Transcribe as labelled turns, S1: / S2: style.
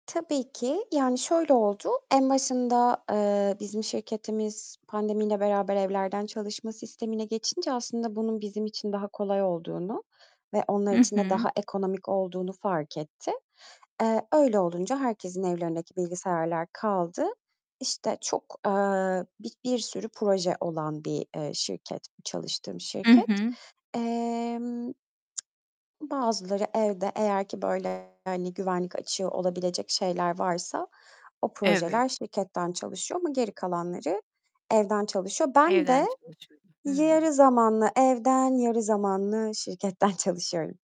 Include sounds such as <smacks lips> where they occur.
S1: Tabii ki. Yani, şöyle oldu. En başında, eee, bizim şirketimiz pandemiyle beraber evlerden çalışma sistemine geçince aslında bunun bizim için daha kolay olduğunu ve onlar
S2: Hı
S1: için de
S2: hı.
S1: daha ekonomik olduğunu fark etti. Eee, öyle olunca herkesin evlerindeki bilgisayarlar kaldı. İşte, çok, eee, bir bir sürü proje olan bir, eee, şirket, çalıştığım
S2: HI
S1: şirket.
S2: hı.
S1: Emm, <smacks lips> bazıları evde, eğer ki, böyle, hani, güvenlik açığı olabilecek şeyler varsa o
S2: Evet.
S1: projeler şirketten çalışıyor ama geri kalanları evden çalışıyor. Ben de
S2: Evden çalışıyorsun. Hıı.
S1: yarı zamanlı evden, yarı zamanlı şirketten çalışıyorum.